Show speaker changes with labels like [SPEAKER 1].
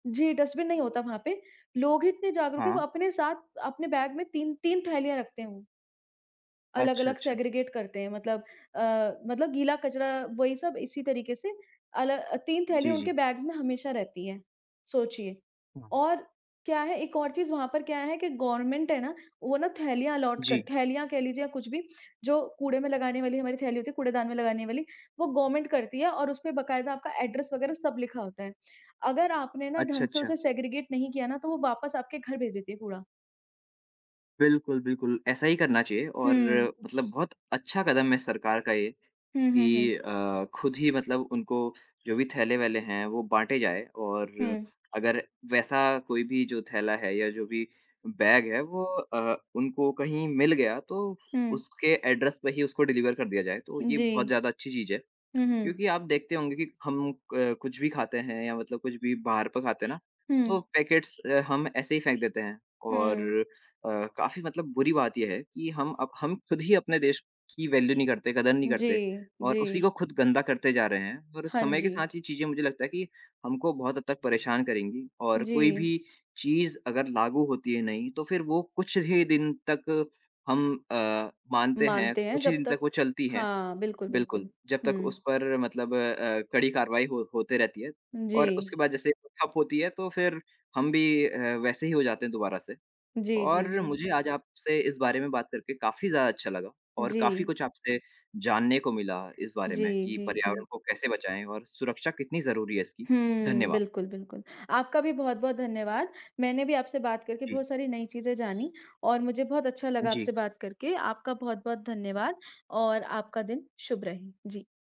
[SPEAKER 1] जी, dustbin नहीं होता वहाँ पे, लोग ही इतने जागरूक हैं वो
[SPEAKER 2] हाँ।
[SPEAKER 1] अपने साथ अपने बैग में 3-3 थैलियाँ रखते हैं वो।
[SPEAKER 2] अच्छा,
[SPEAKER 1] अलग-अलग
[SPEAKER 2] अच्छा।
[SPEAKER 1] सेग्रगेट करते हैं मतलब अ, मतलब गीला कचरा वही सब इसी तरीके से अल 3 थैली
[SPEAKER 2] जी, जी।
[SPEAKER 1] उनके बैग्स में हमेशा रहती हैं, सोचिए
[SPEAKER 2] हाँ।
[SPEAKER 1] और क्या है एक और चीज़ वहाँ पर क्या है कि गवर्नमेंट है ना, वो ना थैलियाँ अलोट कर
[SPEAKER 2] जी।
[SPEAKER 1] थैलियाँ कह लीजिए या कुछ भी, जो कूड़े में लगाने वाली हमारी थैली होती है, कूड़ेदान में लगाने वाली, वो गवर्नमेंट करती है और उस पे बाकायदा आपका एड्रैस वग़ैरह सब लिखा होता है, अगर आपने ना
[SPEAKER 2] अच्छा,
[SPEAKER 1] ढंग से
[SPEAKER 2] अच्छा।
[SPEAKER 1] उसे सेग्रगेट नहीं किया ना तो वो वापस आपके घर भेज देती है कूड़ा।
[SPEAKER 2] बिल्कुल, बिल्कुल। ऐसा ही करना चाहिए और
[SPEAKER 1] हुँ।
[SPEAKER 2] मतलब बहुत अच्छा कदम है सरकार का ये
[SPEAKER 1] हुँ, हुँ, हुँ।
[SPEAKER 2] कि अ, खुद ही मतलब उनको जो भी थैले-वैले हैं वो बाँटे जाएँ और
[SPEAKER 1] हुँ।
[SPEAKER 2] अगर वैसा कोई भी जो थैला है या जो भी बैग है वो अ, उनको कहीं मिल गया तो
[SPEAKER 1] हुँ।
[SPEAKER 2] उसके एड्रैस पे ही उसको डिलिवर कर दिया जाए, तो ये बहुत
[SPEAKER 1] जी।
[SPEAKER 2] ज़्यादा अच्छी चीज़ है
[SPEAKER 1] हुँ, हुँ।
[SPEAKER 2] क्योंकि आप देखते होंगे कि हम क कुछ भी खाते हैं या मतलब कुछ भी बाहर पे खाते हैं ना, तो
[SPEAKER 1] हुँ।
[SPEAKER 2] पैकेट्स अ, हम ऐसे ही फेंक देते हैं और
[SPEAKER 1] हुँ।
[SPEAKER 2] अ, काफ़ी मतलब बुरी बात ये है कि हम अब हम खुद ही अपने देश की वैल्यू नहीं करते, कदर नहीं करते
[SPEAKER 1] जी।
[SPEAKER 2] और उसी
[SPEAKER 1] जी।
[SPEAKER 2] को खुद गंदा करते जा रहे हैं और
[SPEAKER 1] हाँ
[SPEAKER 2] समय के
[SPEAKER 1] जी।
[SPEAKER 2] साथ ये चीज़ें मुझे लगता है कि हमको बहुत हद तक परेशान करेंगी और कोई
[SPEAKER 1] जी।
[SPEAKER 2] भी चीज़ अगर लागू होती है नई तो फिर वो कुछ ही दिन तक हम अ, मानते हैं,
[SPEAKER 1] मानते हैं
[SPEAKER 2] कुछ ही
[SPEAKER 1] जब
[SPEAKER 2] दिन तक
[SPEAKER 1] तक
[SPEAKER 2] वो चलती हैं।
[SPEAKER 1] हाँ। बिल्कुल,
[SPEAKER 2] बिल्कुल,
[SPEAKER 1] बिल्कुल।
[SPEAKER 2] जब तक उस
[SPEAKER 1] हुँ।
[SPEAKER 2] पर मतलब अ, कड़ी कारवाई हो होते रहती है और उसके
[SPEAKER 1] जी।
[SPEAKER 2] बाद जैसे ठप होती है तो फिर हम भी अ, वैसे ही हो जाते हैं दोबारा से
[SPEAKER 1] जी, जी,
[SPEAKER 2] और
[SPEAKER 1] जी।
[SPEAKER 2] मुझे आज आपसे इस बारे में बात करके काफ़ी ज़्यादा अच्छा लगा और काफ़ी
[SPEAKER 1] जी।
[SPEAKER 2] कुछ आपसे जानने को मिला इस बारे में
[SPEAKER 1] जी,
[SPEAKER 2] कि
[SPEAKER 1] जी जी।
[SPEAKER 2] पर्यावरण को कैसे बचाएँ और सुरक्षा कितनी ज़रूरी है इसकी।
[SPEAKER 1] हुँ।
[SPEAKER 2] धन्यवाद।
[SPEAKER 1] बिल्कुल, बिल्कुल आपका भी बहुत-बहुत धन्यवाद। मैंने भी आपसे बात करके
[SPEAKER 2] जी।
[SPEAKER 1] बहुत सारी नई चीज़ें जानी और मुझे बहुत अच्छा लगा
[SPEAKER 2] जी।
[SPEAKER 1] आपसे बात करके, आपका बहुत बहुत धन्यवाद और आपका दिन शुभ रहे। जी।